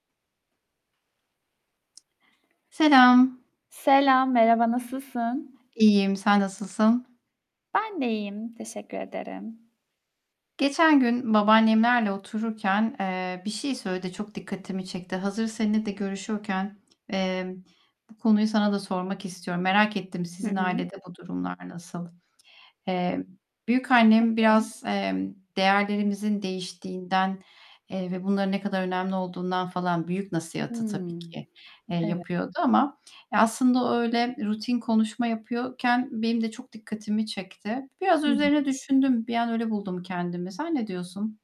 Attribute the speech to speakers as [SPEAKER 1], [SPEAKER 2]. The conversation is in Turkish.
[SPEAKER 1] Selam.
[SPEAKER 2] Selam, merhaba, nasılsın?
[SPEAKER 1] İyiyim, sen nasılsın?
[SPEAKER 2] Ben de iyiyim, teşekkür ederim.
[SPEAKER 1] Geçen gün babaannemlerle otururken, eee, bir şey söyledi. Çok dikkatimi çekti. Hazır seninle de görüşüyorken, eee, bu konuyu sana da sormak istiyorum. Merak ettim
[SPEAKER 2] Hı
[SPEAKER 1] sizin
[SPEAKER 2] hı.
[SPEAKER 1] ailede bu durumlar nasıl? Eee, büyükannem
[SPEAKER 2] Tabii.
[SPEAKER 1] biraz, emm, değerlerimizin değiştiğinden, eee, ve bunların ne kadar önemli olduğundan falan büyük nasihatı, tabii
[SPEAKER 2] Hımm,
[SPEAKER 1] ki, eee,
[SPEAKER 2] evet.
[SPEAKER 1] yapıyordu ama ya, aslında o öyle rutin konuşma yapıyorken benim de çok dikkatimi çekti. Biraz
[SPEAKER 2] Hı hı.
[SPEAKER 1] üzerine düşündüm. Bir an öyle buldum kendimi. Sen ne diyorsun?